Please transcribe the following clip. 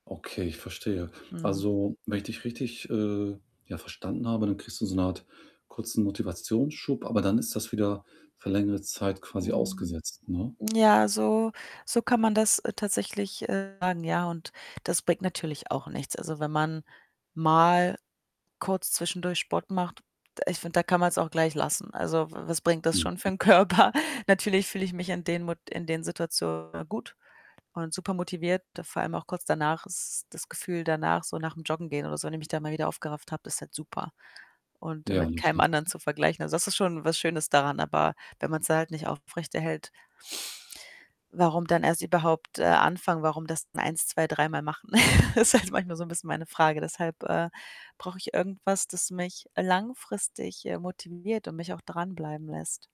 Okay, ich verstehe. Mhm. Also, wenn ich dich richtig, äh, ja, verstanden habe, dann kriegst du so 'ne Art kurzen Motivationsschub, aber dann ist das wieder für längere Zeit quasi Mhm. ausgesetzt, ne? Ja, so so kann man das, äh, tatsächlich, äh, sagen, ja, und das bringt natürlich auch nichts. Also, wenn man mal kurz zwischendurch Sport macht d ich finde, da kann man's auch gleich lassen. Also, w was bringt das schon für Mhm. 'n Körper? Natürlich fühle ich mich in den Mot in den Situationen gut und super motiviert. Vor allem auch kurz danach ist das Gefühl danach, so nach'm Joggen gehen oder so, wenn ich mich da mal wieder aufgerafft habe ist halt super und Ja, mit ne, keinem klar. andern zu vergleichen. Also, das ist schon was Schönes daran, aber wenn man's halt nicht aufrechterhält warum dann erst überhaupt, äh, anfangen? Warum das dann eins, zwei dreimal machen? Ist halt manchmal so 'n bisschen meine Frage. Deshalb, äh, brauche ich irgendwas, das mich langfristig, äh, motiviert und mich auch dranbleiben lässt.